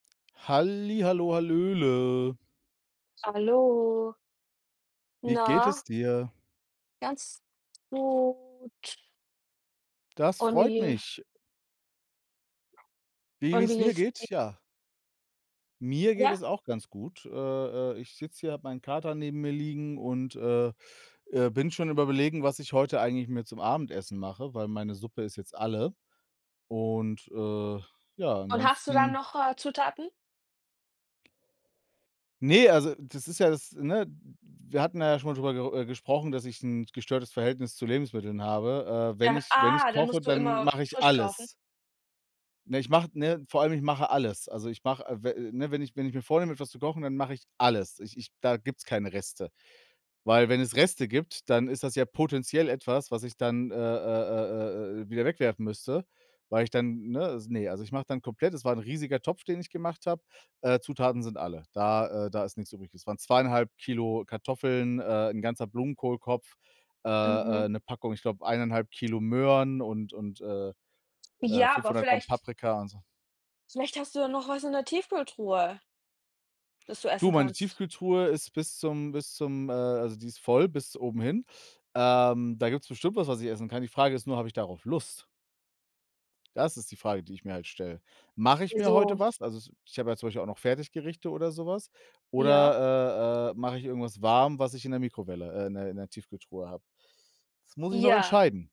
Halli, hallo, hallöle. Hallo. Wie geht es Na? dir? Ganz gut. Das Und freut wie mich. Wie wie Und es wie mir geht's di geht? Ja. Mir geht Ja? es auch ganz gut. Äh, äh, ich sitze hier, habe meinen Kater neben mir liegen und, äh, äh, bin schon am Überlegen, was ich heute eigentlich mir zum Abendessen mache, weil meine Suppe ist jetzt alle. Und, äh, ja, Und hast du dann ansonsten noch, äh, Zutaten? Ne, also, das ist ja das ne? W Wir hatten da ja schon mal drüber ger äh, gesprochen, dass ich 'n gestörtes Verhältnis zu Lebensmitteln habe. Äh, wenn Äh, ich wenn ich ah, dann koche, musst du dann immer mache ich frisch kaufen? alles. Ne? Ich mach ne? Vor allem, ich mache alles. Also, ich mache, äh, w ne? Wenn ich wenn ich mir vornehme, etwas zu kochen, dann mache ich alles. Ich ich da gibt's keine Reste. Weil wenn es Reste gibt, dann ist das ja potenziell etwas, was ich dann, äh, äh, äh, äh, äh, wieder wegwerfen müsste, weil ich dann ne? Ne, also, ich mache dann komplett, es war 'n riesiger Topf, den ich gemacht habe. Äh, Zutaten sind alle. Da, äh da ist nix übrig. Es waren 2 1/2 kg Kartoffeln, äh, 'n ganzer Blumenkohlkopf, äh, Mhm. äh, 'ne Packung, ich glaube 1 1/2 kg Möhren und und, äh, äh, Ja, aber 500 g vielleicht Paprika und so. vielleicht hast du noch was in der Tiefkühltruhe das du Du, essen meine kannst. Tiefkühltruhe ist bis zum bis zum, äh also, die ist voll bis oben hin. Ähm, da gibt's bestimmt was, was ich essen kann. Die Frage ist nur, habe ich darauf Lust? Das ist die Frage, die ich mir halt stelle. Mache ich mir Wieso? heute was? Also, ich habe ja zum Beispiel auch noch Fertiggerichte oder so was. Ja. Oder, äh, äh, mache ich irgendwas warm, was ich in der Mikrowelle, äh in der in der Tiefkühltruhe habe. Das muss ich noch Ja. entscheiden.